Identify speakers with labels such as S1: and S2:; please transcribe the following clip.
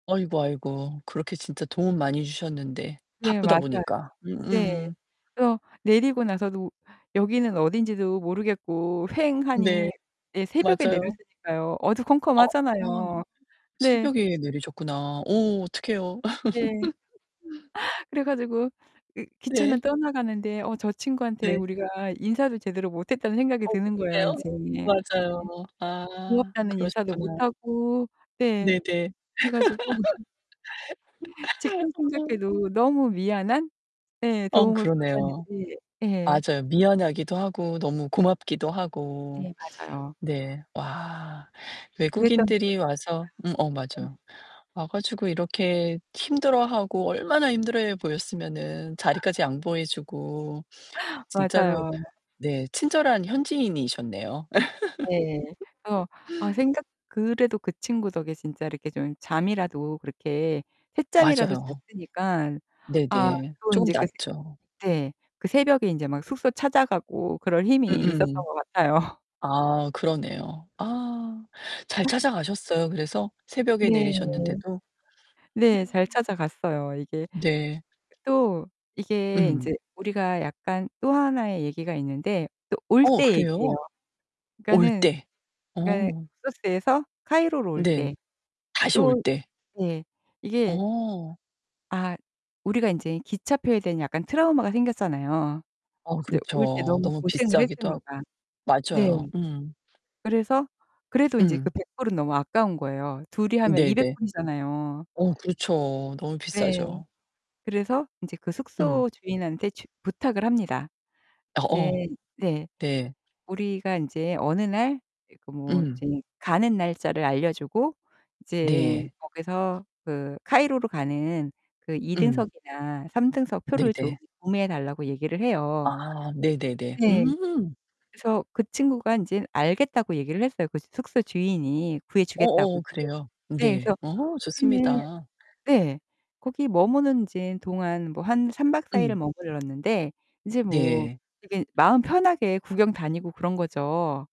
S1: 아이고 아이고. 그렇게 진짜 도움 많이 주셨는데.
S2: 네,
S1: 바쁘다
S2: 맞아요.
S1: 보니까.
S2: 네.
S1: 음음.
S2: 그래서 내리고 나서도 여기는 어딘지도 모르겠고
S1: 네,
S2: 휑하니. 네, 새벽에
S1: 맞아요.
S2: 내렸으니까요.
S1: 어.
S2: 어두컴컴하잖아요. 네.
S1: 새벽에 내리셨구나. 어 어떡해요.
S2: 네. 그래 가지고 이 기차는
S1: 네.
S2: 떠나가는데 어 저 친구한테
S1: 네.
S2: 우리가 인사도 제대로 못 했다는 생각이
S1: 어?
S2: 드는 거예요,
S1: [unintelligible]
S2: 인제. 네
S1: 맞아요. 아,
S2: 고맙다는 인사도 못
S1: 그러셨구나.
S2: 하고, 네.
S1: 네네.
S2: 그래 가지고 지금
S1: 아.
S2: 생각해도 너무 미안한? 예,
S1: 어,
S2: 도움을
S1: 그러네요.
S2: 받았는지. 예.
S1: 맞아요. 미안하기도 하고 너무 고맙기도 하고.
S2: 네, 맞아요.
S1: 네. 와.
S2: 그랬던
S1: 외국인들이
S2: 기억이
S1: 와서 음 어
S2: 있습니다.
S1: 맞아요.
S2: 네.
S1: 와 가지고 이렇게 힘들어하고 얼마나 힘들어해 보였으면은 자리까지 양보해 주고. 진짜로
S2: 맞아요.
S1: 네, 친절한 현지인이셨네요.
S2: 네. 그래서 아 생각 그래도 그 친구 덕에 진짜 이렇게 좀 잠이라도 그렇게 샛잠이라도
S1: 맞아요.
S2: 잤으니까.
S1: 네,
S2: 아
S1: 네.
S2: 또
S1: 쪼금
S2: 인제 그
S1: 낫죠.
S2: 새 네. 그 새벽에 인제 막 숙소 찾아가고 그럴 힘이 있었던
S1: 음음.
S2: 것 같아요.
S1: 아 그러네요. 아 잘 찾아가셨어요, 그래서? 새벽에
S2: 네.
S1: 내리셨는데도?
S2: 네. 잘
S1: 어.
S2: 찾아갔어요. 이게
S1: 네.
S2: 또 이게
S1: 음.
S2: 인제 우리가 약간 또 하나의 얘기가 있는데 또 올
S1: 어,
S2: 때 얘기예요.
S1: 그래요? 올
S2: 그러니까는
S1: 때.
S2: 그러니까
S1: 어.
S2: 룩소스에서 카이로로 올
S1: 네.
S2: 때
S1: 다시 올
S2: 또
S1: 때.
S2: 네. 이게
S1: 어.
S2: 아 우리가 인제 기차표에 대한 약간 트라우마가 생겼잖아요.
S1: 어,
S2: 이제 올 때
S1: 그렇죠.
S2: 너무
S1: 너무
S2: 고생을
S1: 비싸기도 하고.
S2: 했으니까. 네.
S1: 맞아요. 음.
S2: 그래서 그래도 인제 그
S1: 음.
S2: 100 불은 너무 아까운 거예요. 둘이 하면 200
S1: 네네.
S2: 불이잖아요.
S1: 어, 그렇죠. 너무
S2: 네.
S1: 비싸죠.
S2: 그래서 인제 그
S1: 음.
S2: 숙소 주인한테 주 부탁을 합니다.
S1: 어어.
S2: 이제 네.
S1: 네.
S2: 우리가 인제 어느 날 그러니까 뭐
S1: 음.
S2: 이제 가는 날짜를 알려 주고 이제
S1: 네.
S2: 거기서 그 카이로로 가는 그 2
S1: 음.
S2: 등석이나 3 등석 표를 좀
S1: 네네.
S2: 구매해 달라고 얘기를 해요.
S1: 아. 네네네.
S2: 네.
S1: 음.
S2: 그래서 그 친구가 인제 알겠다고 얘기를 했어요, 그 숙소 주인이. 구해 주겠다고.
S1: 어어, 그래요.
S2: 네.
S1: 네.
S2: 그래서
S1: 어,
S2: 우리는
S1: 좋습니다.
S2: 네. 거기 머무는 이제 동안 뭐 한 3 박 4 일을
S1: 음.
S2: 머물렀는데 이제 뭐
S1: 네.
S2: 되게 마음 편하게 구경 다니고 그런 거죠.